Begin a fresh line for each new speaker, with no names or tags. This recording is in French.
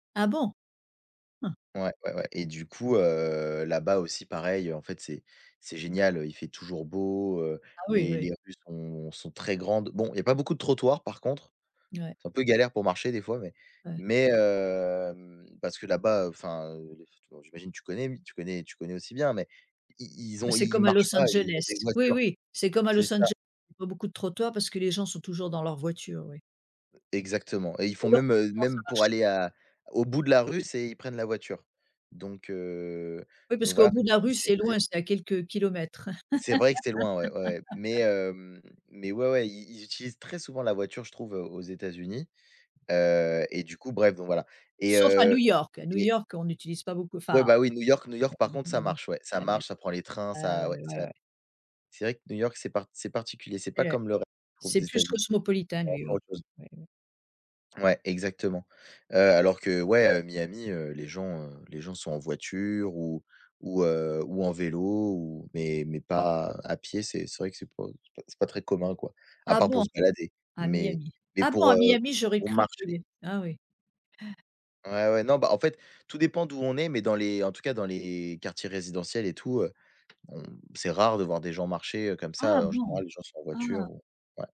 Ah bon? Hein.
Ouais, ouais, ouais et du coup, heu, là-bas aussi pareil. En fait c'est c'est génial, heu, il fait toujours beau, heu,
Ah oui,
les
oui.
les rues sont sont très grandes, bon, il y a pas beaucoup de trottoirs par contre.
N ouais.
C'est un peu galère pour marcher des fois mais
Ouais.
mais, hem, parce que là-bas, heu, enfin, heu, tu vois? J'imagine tu connais? Tu connais tu connais aussi bien mais ils ils
Bah,
ont
c'est
ils
comme à
marchent
Los
pas, ils ont
Angeles,
des
oui,
voitures
oui. C'est comme à
c'est
Los
ça.
Ange pas beaucoup de trottoirs, parce que les gens sont toujours dans leur voiture, oui.
Exactement, et ils font
Les longues
même, heu,
distances, ça
même pour
marche.
aller à au bout de la rue, c'est ils prennent la voiture, donc, heu,
Oui,
donc
parce qu'au
voilà,
bout de la
et
rue
c'est
c'est
très
loin, c'est à quelques kilomètres.
C'est vrai que c'est loin, ouais, ouais, ouais, mais, hem, mais ouais, ouais, ils ils utilisent très souvent la voiture, je trouve, heu, aux États-Unis, heu, et du coup ,bref, donc voilà, et
Sauf à New
heu,
York. À New
et
York on utilise pas beaucoup
Ouais
enfin
bah oui, New York New York par
ouais
contre, ça
mmh mh.
marche, ouais. Ça
[unintelligible]
marche, ça prend les trains,
Ah,
ça ouais,
heu,
ça
ouais, ouais.
c'est vrai que New York, c'est part c'est particulier, c'est pas
Et ouais.
comme le ré je trouve
C'est
des
plus
États-Unis.
cosmopolitain
C'est encore
NewYork.
autre chose.
Mmh. Ouais, ouais.
Ouais, exactement. Heu, alors que ouais, heu, Miami, heu, les gens, heu, les gens sont en voiture ou ou, heu, ou en vélo ou mais mais pas à pied. C'est c'est vrai que c'est pas c'est pas c'est pas très commun quoi, à
Ah
part pour
bon?
se balader,
À
mais
Miami.
mais
Ah bon,
pour,
à
heu,
Miami, j'aurais
pour
cru que il
marcher
y av Ah oui.
Ouais, ouais, non, bah en fait, tout dépend d'où on est, mais dans les en tout cas dans les quartiers résidentiels et tout, heu, on c'est rare de voir des gens marcher, heu, comme ça,
Ah
heu, en
bon?
général les gens sont en voiture
Ah!
ou ouais.